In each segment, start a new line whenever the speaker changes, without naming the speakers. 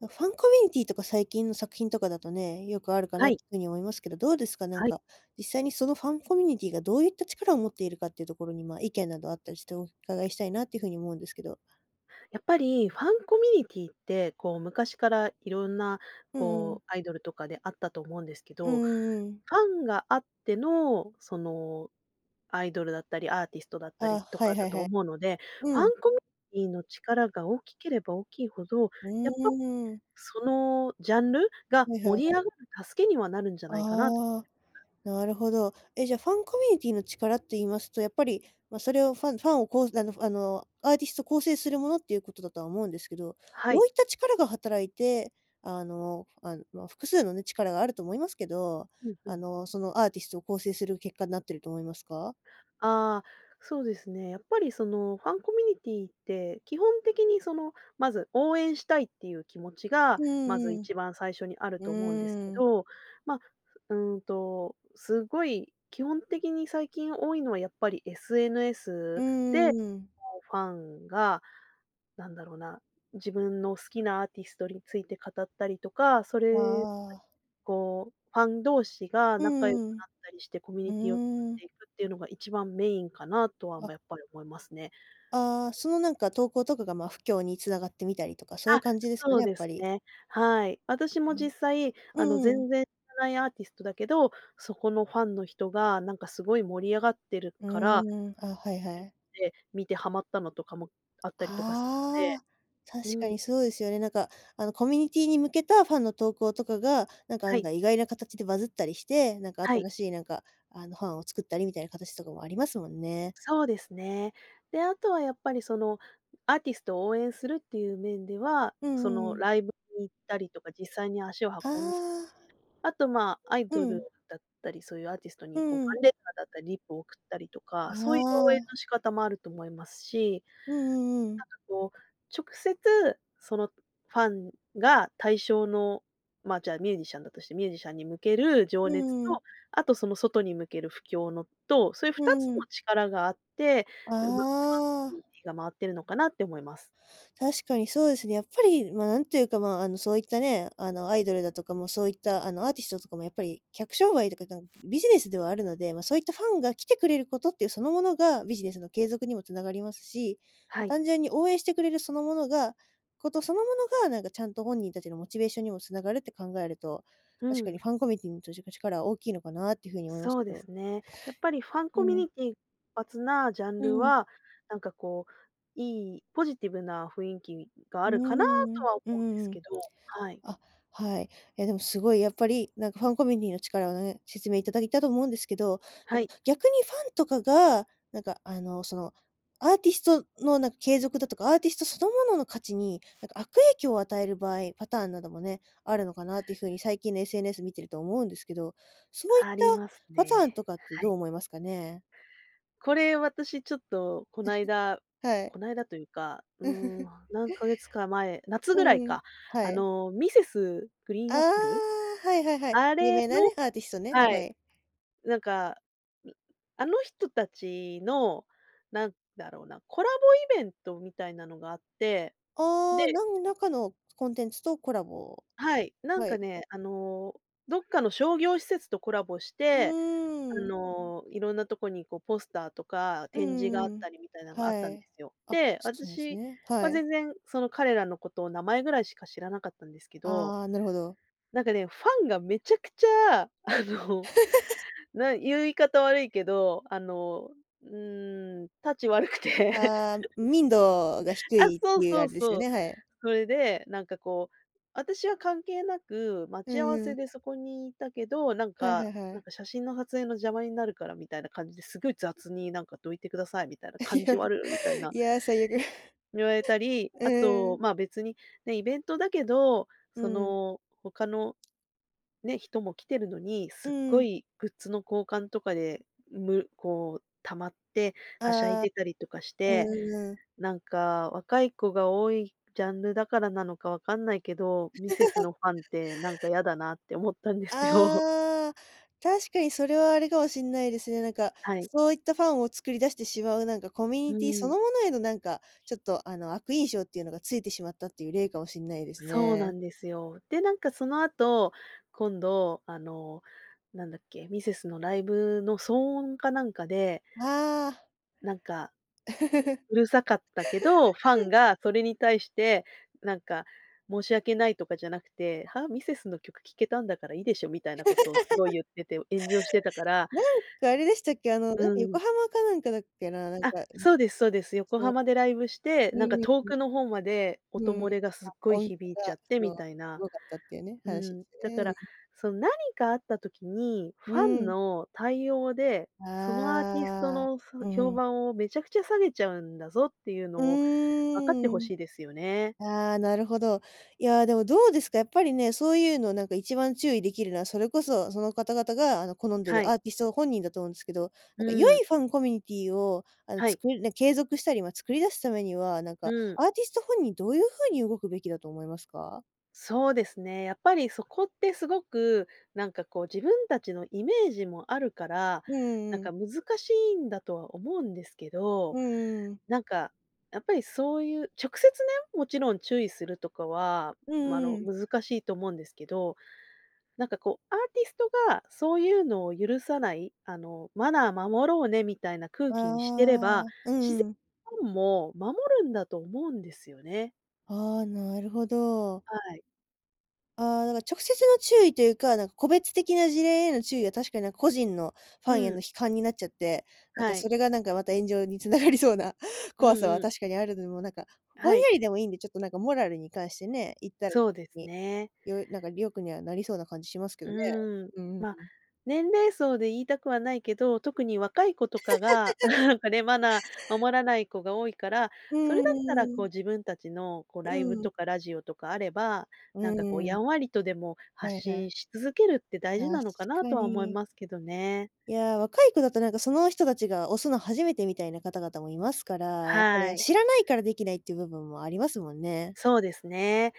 もう、ファンコミュニティーとか最近の作品とかだとね、よくあるか
は
な
い。
と風に思いますけど、どうですか、なん
はい。
か実際にそのファンコミュニティーがどういった力を持っているかっていうところに、まあ、意見などあったりしてお伺いしたいなていう風に思うんですけど。
やっぱり、ファンコミュニティーって、こう、昔から色んな、
うんうん。
こう、アイドルとかであったと思うんですけ
うん
ど、
うんうん。
ファンがあっての、その、アイドルだったり、アーティストだった
ああ、
りと
は
か
いは
だ
い
と
はい。
思うので、ファ
うん。
ンコミティーの力が大きければ大きいほど、
う
やっぱ、
ーん。
そのジャンルが
はいはいは
盛り
い。
上がる助けにはなるんじゃないかなと。
ああ、なるほど。え、じゃあ、ファンコミュニティーの力って言いますと、やっぱり、ま、それをファンファンを、こう、あのあの、アーティスト構成するものっていうことだとは思うんですけど、
は
ど
い。
ういった力が働いて、あの、あん、まあ、複数のね、力があると思いますけど、
うんう
あ
ん。
の、そのアーティストを構成する結果なってると思いますか？
ああ、そうですね。やっぱりその、ファンコミュニティーって、基本的に、その、まず応援したいっていう気持ち
う
が、まず
んうん
一番最初にある
う
と思うんです
ん。
け
うーん。
ど、ま、ふうーんと、すごい、基本的に最近多いのは、やっぱり
う
SNS
ん
で、
うんうん。
こう、ファンが、なんだろうな、自分の好きなアーティストについて語ったりとか、そ
あ
れ、
あ。
こう、ファン同士が
う
仲良く
んうん
なったりして、コミュ
う
ニティを作
ん。
っ
うーん。
ていくっていうのが一番メインかなとは、
あ。
まあ、やっぱり思いますね。
ああ、その、なんか、投稿とかが、まあ、布教に繋がってみたりとか、そういう
あ、
感じですか
そ
ね？
う
やっ
で
ぱ
す
り。
ね、はい。私
う
も
ん、
実際、
う
あの、
んう
全
ん。
然らないアーティストだけど、そこのファンの人が、なんか、すごい盛り上がってる
う
から、
ーん。あ、はいはい。
で、見てハマったのとかもあったりとかすで。
ああ、
う
確か
ーん。
にそうですよね。なんか、あの、コミュニティーに向けたファンの投稿とかが、なんか、
は
案
い。
外、意外な形でバズったりして、なんか、
はい。
新しい、なんか、あの、ハンを作ったりみたいな形とかもありますもんね。
そうですね。で、あとは、やっぱり、その、アーティストを応援するっていう面では、
うんう
そ
んう
の、
ん。
ライブに行ったりとか実際に足を
あ
運ん
あ。
あと、まあ、アイド
う
ル
ん。
だったり、そういうアーティスト
う
に、こう、
ん
フ
う
ァ
ん。
ンレターだった、リプを送ったりとか、
あ
そういう応援の
あ。
仕方もあると思いますし、
うんうんうん。
なんか、こう、直接、そのファンが対象のまあ、じゃあ、ミュージシャンだとして、ミュージシャンに向ける情
う
熱
んうん。
と、あと、その外に向ける布教のと、そういう
う
2つ
ー
の
ん。
力があって、うまく
あ
フ
あ。
ァン が回ってるのかなって思います。
確かにそうですね、やっぱり、まあ、なんていうか、まあ、あの、そういったね、あの、アイドルだとかも、そういった、あの、アーティストとかも、やっぱり客商売とかだんビジネスではあるので、まあ、そういったファンが来てくれることっていう、そのものがビジネスの継続にも繋がりますし、ま、
はい。
単純に応援してくれるそのものが事そのものが、なんか、ちゃんと本人たちのモチベーションにも繋がるって考えると、
う
確かに
ん。
ファンコミュニティーじょじか力は大きいのかなっていう風に思います
そ
け
うで
ど。
すね。やっぱり、ファン
う
コミ
ん。
ニティー発なジャン
う
ル
ん。
は、なんかこう、いい、ポジティブな雰囲気が
う
あ
ー
るかな
ん。う
と
ん
は思
う
うんで
ん
す
うん。
けど、はい。
あ、はい。いや、でも、すごい、やっぱり、なんか、ファンコミュニティーの力をね、説明いただいたと思うんですけど、なん
は
か、
い。
逆にファンとかが、なんか、あの、その、アーティストの、なんか、継続だとか、アーティストそのものの価値に、なんか、悪影響を与える場合、パターンなどもね、あるのかなっていう風に最近の SNS 見てると思うんですけど、そういっ
あ
た
ります
パ
ね、
ターンとかって
は
どう
い。
思いますかね？
これ、私、ちょっと、この 間
はい。
この間というか、うーん。何ヶ月か前夏
う
ぐらい
んうん。
か、
は
あ
い。
の、Mrs.
あ
GREEN APPLE？
あ、はいはいはい。有
あれ
名なね、
の
アーティストね、
は
は
い。
い。
なんか。うん、あの人たちの、なんだろうな、コラボイベントみたいなのがあって、
ああ、
で
何らかのコンテンツとコラボ
はい、なん
は
か
い。
ね、あの、どっかの商業施設とコラボし
う
て、あ
ーん。
の、いろんなとこに、こう、ポスターとか
うん
展示があっ
うんうん。
たりみたいなのがあっ
は
たん
い。
ですよ。
あ、
で、私
ね、は
は
い、うん。
全然その彼らのことを名前ぐらいしか知らなかったんですけど
ああ、なるほど。
なんかね、ファンがめちゃくちゃ、あの、な言い方悪いけど、あの、うーん、質悪くて。
ああ、民度が低
あ、
いっ
そ
て
う
いうあ
そ
れ
う
ですよ
そう、
ね。はい。
それで、なんか、こう、私は関係なく待
う
ち合わ
んう
せ
ん。
でそこにいたけど、なん
はいは
か
いは
な
い。
んか、写真のはつえいの邪魔になるからみたいな感じで、すごい雑に、なんか「どいてください」みたいな
い
「感
や、
じ悪」みたいな
いや、最悪。
言われたり、
うん。
あ
うんう
と、
ん。
まあ、別に、ね、イベントだけど、
う
そ
ーん。
の他のね、人も来てるのに、
う
すっ
ー
ご
ん。
いグッズの交換とかで、むこう、溜まってはしゃい
ああ。
でたりとかし
う
て、
んうんうん。
なんか、若い子が多いジャンルだからなのかわかんないけど、ミセス のファンって、なんか、やだなって思ったんですよ。
ああ、確かに、それはあれかもしんないですね。なんか、
はい。
そういったファンを作り出してしまう、なんか、コミュ
う
ニティそ
ーん。
のものへの、なんか、ちょっと、あの、悪印象っていうのがついてしまったという例かもしんないです
そうな
ね。
んですよ。で、なんか、その後、今度、あの、なんだっけ。ミセスのライブの騒音かなんかで
ああ。
なんか うるさかったけど、ファンがそれに対して、なんか、申し訳ないとかじゃなくて「はあ、ミセスの曲聴けたんだからいいでしょ」みたいなことをすごい 言ってて、炎上してたから。
なんか、あれでしたっけ？あの、なん
う
か、
ーん。
横浜かなんかだっけな、なん
あっ、
か。
そうですそうです。横
そう。
浜でライブして、
う
なんか、
んうん
遠
うん。
くの方まで、
う
音
ーん。
漏れがす
あ、
っごい
音
響 いち
が、
ゃって
そ
み
う、
たい
す
な。
ごかったっていうね、
う
話す
ーん、だか
ね。い
ら、
うん。
その、何かあった時に、
う
ファ
ー
ン
ん。
の対応で、そのアーティスト
ああ。
の、そ
うん
評
うん。
判をめちゃくちゃ下げちゃうんだぞっていうの
う
を、分かって
ー
ほ
ん。
しいですよね。
ああ、なるほど。いや、でも、どうですか、やっぱりね、そういうの、なんか、一番注意できるのは、それこそ、その方々が、あの、好んで
は
る
い。
アーティスト本人だと思うんすけど、な
う
んか良
ーん。
いファンコミュニティーを、あの、
はい。
作りね、継続したり、まあ、作り出すためには、なん
う
か、
ーん。
アーティスト本人どういう風に動くべきだと思いますか？
そうですね。やっぱりそこってすごく、なんかこう自分たちのイメージもあるから、
うんう
なん
んうん。
か難しいんだとは思うんですけど、
うん、ううん。
なんか、やっぱりそういう直接ね、もちろん注意するとかは、
うん
ま、
う
の、
んうん。
難しいと思うんですけど。なんかこう、アーティストがそういうのを許さない、あの「マナー守ろうね」みたいな空
あ
気にしてれ
ああ、
ば、
あ、う
しぜ、
んうん。
ファンも守るんだと思うんですよね。
ああ、なるほど。
はい。
ああ、だから直接の注意というか、なん個別的な事例への注意は、確かになんか個人の、ファ
う
ンへの
ん。
批判になっちゃって、なんか
はい。
それがなんかまた炎上に繋がりそうな
う
怖さは
んうん。
確かにあるのも、なんか、ぼ
は
ん
い。
やりでもいいんで、ちょっとなんかモラルに関してね、言ったら、
そうです
に、
ね。
よなんか良くにはなりそうな感じしますけ
う
どね。
ーん、
うんうんう
ま、
ん。
年齢層で言いたくはないけど、特に若い子とかが、なんかね、マナー守らない子が多いから、
う
それだったら、
ー
こう
ん。
自分たちの、こう、
う
ライブ
ん。
とかラジオとかあれば、
う
なんかこう、
ー
や
ん。
んわりとでも
は
発
いは
信
い。
し続けるって大事な
確
のかな
か
とは思い
に。
ますけどね。
いや、若い子だと、なんか、その人たちが推すの初めてみたいな方々もいますから、やっぱり、
は
あ、
い。
知らないからできないって部分もありますもんね。
そうですね、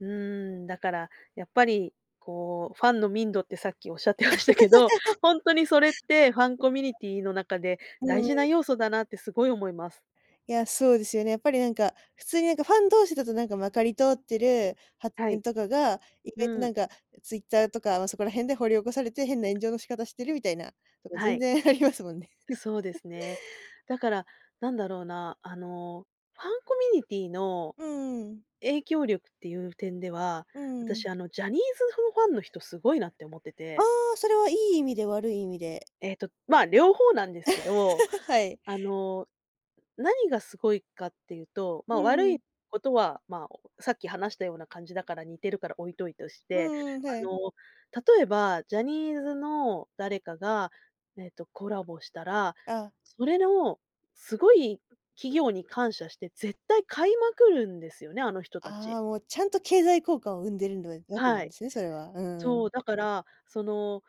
うーん、だからやっぱり、こう、ファンの民度ってさっきおっしゃってましたけど、ほんとにそれってファンコミュニティの中で
うん
大
う
事
ん。
な要素だなってすごい思います。
いや、そうですよね。やっぱりなんか、普通になんか、ファン同士だとなんかまかり通ってる発
は
言
い。
とかが、意外と
う
な
ん。
んか、え、ツイッターとか、ま、そこら辺で掘り起こされて変な炎上の仕方してるみたいなこと、
は
全
い。
然ありますもんね。
そうで すね。だから、なんだろうな、あの、ファンコミュニティの
うん、ううん。
影響力っていう点では、
うん、ううん。
私、あのジャニーズ、ふファンの人すごいなって思って
あ
て
あ、それはいい意味で？悪い意味で？
えっと、まあ、両方なんですけど、
はい。
あの、何がすごいかっていうと、
う
ま、
ん
悪
う
い
ん。
ことは、まあ、おさっき話したような感じだから似てるから置いといとし
う
て、
んうん、は
あ
い。
の、例えば、ジャニーズの誰かが、えっと、コラボしたら、
ああ。
それの、すごい企業に感謝して、絶対買いまくるんですよね、あの人たち。
ああ、もう、ちゃんと経済効果を生んでるんだ、え、額な
は
んで
い。
すね、それは、うんう
そう、
ん。
だから、その、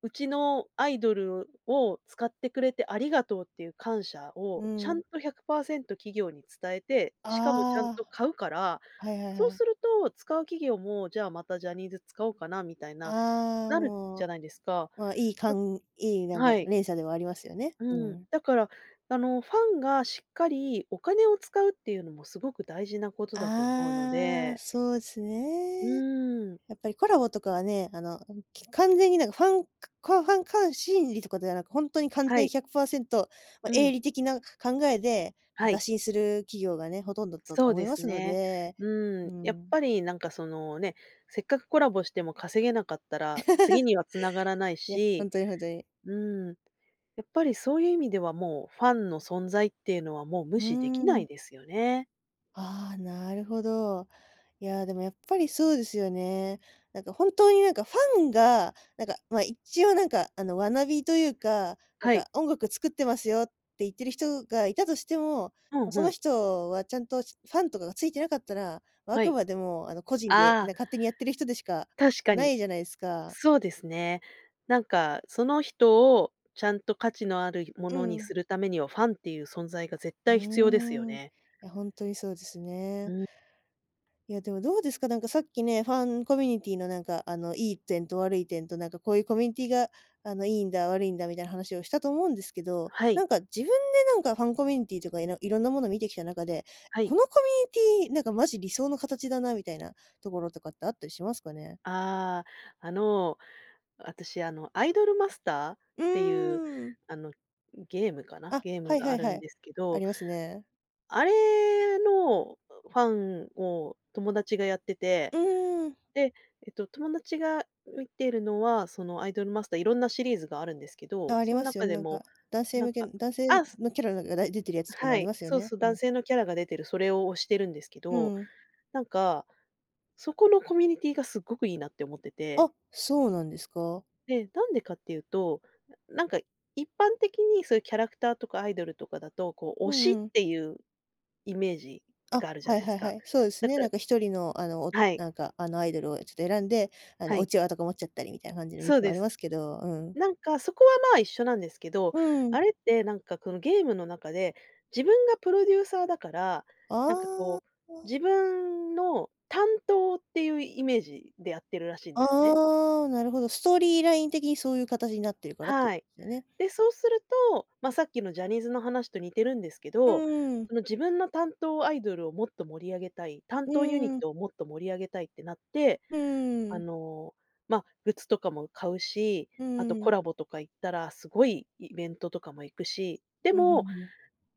うちのアイドルを使ってくれてありがとうっていう感謝
う
を、
ん
ち
う
ゃ
ん。
んと100%企業に伝えて、しかもちゃん
あ
と
あ。
買うから、
はいはい
そう
はい。
すると使う企業も、じゃあ、またジャニーズ使おうかなみたいな、
ああ、
なる
も
じ
う、
ゃないですか。
まあ、いい、か
だ
んいい、なんか
はい。
連鎖ではありますよね、う
うん、
ん。
だから、あの、ファンがしっかりお金を使うっていうのもすごく大事なことだと思うの
ああ、
で
そうす
う
ね。
ーん。
やっぱりコラボとかはね、あのあの、き完全になんか、ファンくコアファン、かん心理とかではなく、ほんとに完
は
全
い。
100%、ま、
う
営
ん。
利的な、か考えで、
は
打
い。
診する企業がね、ほとんどだと
そう
思い
で
ま
す
すの
ね。
で、
う
うー
ん、やっ
ん。
ぱりなんかその、ね、せっかくコラボしても稼げなかったら次 には繋がらない
いや、ほ
し、
んとにほんとに。
うーん、やっぱりそういう意味では、もう、ファンの存在っていうのはもう
う
無
ー
視できな
ん。
いですよね。
ああ、なるほど。いやでもやっぱりそうですよね。なんかほんとに何かファンがなんか、ま、一応なんかあの学びというか、なん
はい。
か音楽作ってますよって言ってる人がいたとしても、
ふん
そ
ふ
の
ん。
人はちゃんとファンとかがついていなかったら、あ
は
く
い。
までもあの個人で、
あ
な
あ。
んか勝手にやっている人でしか
確か
な
に。
いじゃないですか。
そうですね。なんかその人をちゃんと価値のあるも
う
のに
ん。
するためには、ファンっていう存在が絶
う
対必要ですよ
ーん、い
ね。
や、ほんとにそうです
う
ね。
ん。
いやでもどうですか、なんかさっきね、ファンコミュニティーのなんか、あの良い点と悪い点となんかこういうコミュニティーが、あの良いんだ、悪いんだみたいな話をしたと思うんですけど、
はい。
なんか自分でなんかファンコミュニティーとか、いの色んなものを見てきた中で、
はい。
このコミュニティーなんかマジ理想の形だなみたいなところとかってあったりしますかね？
ああ、あの、私あの、アイドルマスターっ
う
ていう、
ん。
あの、ゲームかな、
あ、
ゲー
は
ム
い
が
は
あ
い
る
は
ん
い。
ですけ
あ
ど。
りますね。
あれのファンを友達がやってて、
うーん。
で、えっと、友達が見てるのは、そのアイドルマスター色んなシリーズがあるんですけ
あ
ど、
あ、あり
そん
ますよ
中
ね、
で
なん
も、
か、男性
なん
向けの、
か
男性
あ、す、
のキャラが出てるやつとかも
は
あり
い、
ますよ
そう
ね、
そう、
う
男
ん。
性のキャラが出てる、それを推してるんですけ
う
ど、
ん。
なんか、そこのコミュニティーが凄くいいなって思ってて。
あ、そうなんですか？
で、なんでかっていうと、なんか一般的にそういうキャラクターとかアイドルとかだとこう
う
推しっ
んうん。
ていうイメージ
あっ、
があるじゃ
はい
ないで
は
す
いは
か。
い、そうです
だ
ね、
か
な
ら
んか1人のあのお
はい。
なんかあのアイドルをちょっと選んで、あの、
は
う
い。
ちわとか持っちゃったりみたいな感じの印
そう
象もあ
で
り
す。
ますけど、うん。
なんかそこはまあ一緒なんですけど、
うん。
あれってなんかこのゲームの中で、自分がプロデューサーだから、なんか
ああ、
こう、
あ。
自分の担当っていうイメージでやってるらしいんですね。
ああ、なるほど。ストーリーライン的にそういう形になってるからっていう
は
こと
い。
ですよね？
で、そうすると、まあさっきのジャニーズの話と似てるんですけ
う
ど、
ーん。
その自分の担当アイドルをもっと盛り上げたい、担
う
当ユニッ
ーん。
トをもっと盛り上げたいってなって、
うー
あ
ん。
のま、グッズとかも買うし、
う
あと
ー
コ
ん。
ラボとか行ったらすごいイベントとかも行くし、で
うんうん
も、
うん。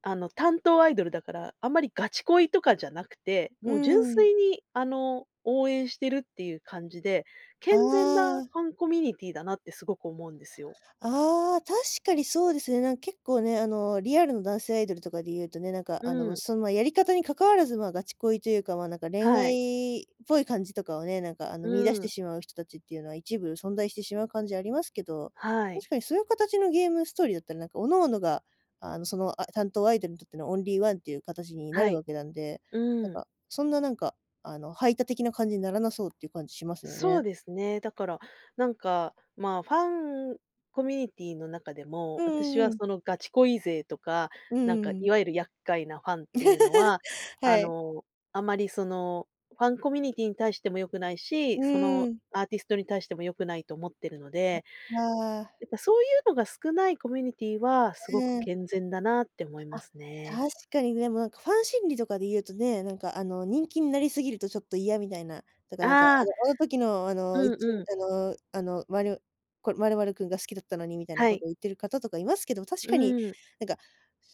あの担当アイドルだから、あんまりガチ恋とかじゃなくて、
うー
もう純
ん。
粋にあの応援してるっていう感じで、
あ
健全な
あ。
ファンコミュニティーだなってすごく思うんですよ。
ああ、確かにそうですね。なん結構ね、あのリアルの男性アイドルとかで言うとね、なんかあ
う
の
ん。
その、やり方に関わらずまあガチ恋というか、まあ何か恋
はい。
愛、っぽい感じとかをね、なんかあの見出
う
して
ん。
しまう人達っていうのは一部存在してしまう感じありますけど、
はい。
確かにそういう形のゲームストーリーだったらなんか各々が、あのその、あ、担当アイドルにとってのオンリーワンっていう形にな
は
る
い、
わけなんで、なん
うん。
か、そんななんかあの排他的な感じにならなそうっていう感じしますよ
そ
ね。
うですね、だから、なんか、まあファンコミュニティーの中で
う
も、
ん
私
うん
は
うん。
そのガチ恋勢とか、
う
なんか
ー
い
ん。
わゆる厄介なファンっていうのは、
は
あ
い。
の、あまりそのファンコミュニティーに対しても良くないし、
う
その
ん。
アーティストに対しても良くないと思ってるので。
ああ。
やっぱそういうのが少ないコミュニティーはすごく
うん。
健全だなって思い
あ、
ますね。
確かにでもなんかファン心理とかで言うとね、何かあの人気になりすぎるとちょっと嫌みたいな。だからなんか
ああ。
あの時の、あ
う
のう
ん
ち、
うん。
あのあの、まるこの、まるまる君が好きだったのにみたいな
は
こ
い。
とを言っている方とかいますけど、確
う
かに、
ん。
なんか、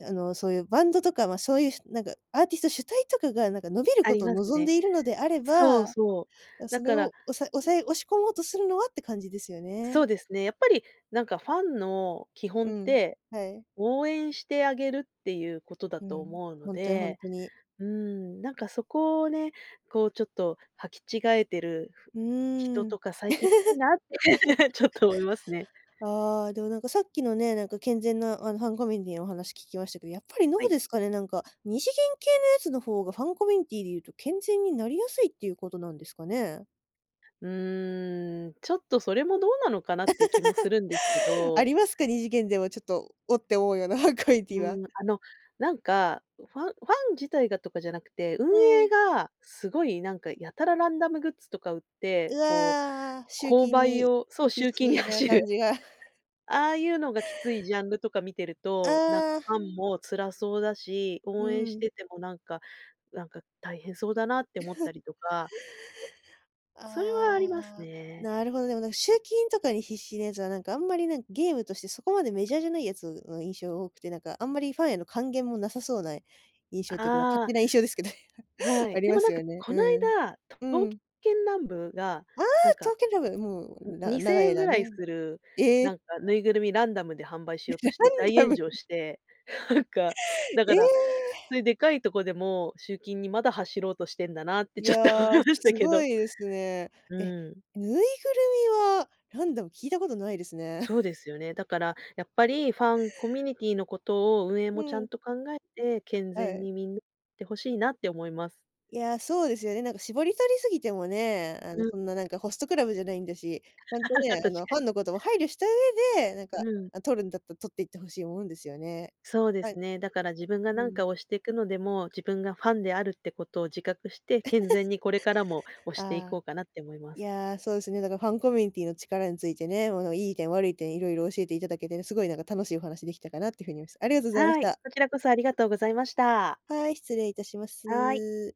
あの、そういうバンドとかまあそういう何かアーティスト主体とかが何か伸びる
あ
こ
り
とを
ます
望ん
ね。
でいるのであれ
そ
ば、
うそう。だ
それ
から
をおさ抑え押し込もうとするのはって感じですよ
そ
ね。
うですね。やっぱりなんかファンの基本
う
っ
ん、
て、
はい。
応援してあげるっていうことだ
う
と
ん、
思うの
ほんとにほん
で、
とに。
うーん、なんかそこをね、こうちょっとはき違えてる、
う
人
ーん。
とか最近いるなって ちょっ と思いますね。
ああ、でもなんかさっきのね、なんか健全なあのファンコミュニティーのお話聞きましたけど、やっぱりど
は
う
い。
ですかね、なんか、二次元系のやつの方がファンコミュニティーで言うと健全になりやすいっていうことなんですかね？
うーん、ちょっとそれもどうなのかなっていう気もするんですけ
あ
ど
りますか？2次元でも、ちょっと、「お！」って思うようなコミュニティ
う
ーは？
ん、あの、なんか、ファンファン自体がとかじゃなくて、運
うん。
営が、すごいなんか、やたらランダムグッズとか売って、
う
こう、
わ、ああ、集
購
金
買
に
をそう、
必
集金に
死な
走る。
感じが
ああゆうのがきついジャンルとか見てると、なんか
あ
フ
あ。
ァンも辛そうだし、
うー
応援し
ん。
ててもなんか、「なんか大変そうだな」って思った りとかそれはあります
ああ。
ね。
なるほど、でも、なんか集金とかに必死なやつは、なんかあんまり、なんかゲームとして、そこまでメジャーじゃないやつの印象多くて、なんかあんまりファンへの還元もなさそうな、印象ってか、ま、勝
ああ。
手な印象ですけど、え、
は
は、あ
い、
り
でも
ま
な
す
んか
よね。
こない
うん。
だ、
う
刀
ん。
剣乱舞が
ああ！
なん
刀
か、
剣乱舞、もう、
ん、
な
にせ
長
ん
い
えんぐ
間
らいす
ね。
る、
ええ！
なんかぬいぐるみ、ランダムで販売しようとして大
ララン
炎
ダム。
上して、なんかだ
え
から、
え！
そゆでかいとこでも、集金に、まだ、走ろうとしてんだなって、
い
ちょっと思
や、
いました
す
け
ご
ど。
いですね。
う
え、
ーん。
ぬいぐるみは、ランダム聞いたことないですね。
そうですよね。だから、やっぱりファンコミュニティーのことを、運営
う
もちゃ
ん。
んと考えて、健
は
全
い。
に、みにってほしいなって思います。
いや、そうですよね。なんか絞り取りすぎてもね、あの、
う。
そんななんかホストクラブじゃないんだし。ちゃんと
確
ね、あの、フ
か
ァン
に。
のことを配慮した上で、なんか、
うん。
あ、取るんだった、取っていって欲しいもんですよね。
そうで
は
す
い。
ね、だから自分が
う
なん
ん。
か推してくのでも、自分がファンであるってことを自覚して、健全 にこれからも、推してい
あ
こ
あ。
うかなって思いま
い
す。
や、そうですね、だからファンコミュニティーの力についてね、も、の、いい点、悪い点、色々教えて頂けてね、凄いなんか楽しいお話できたかなって風に、お、す。ありがとございまし
はい、
た。
こちらこそありがとうございました。
はい、失礼いたしま
はい。
す。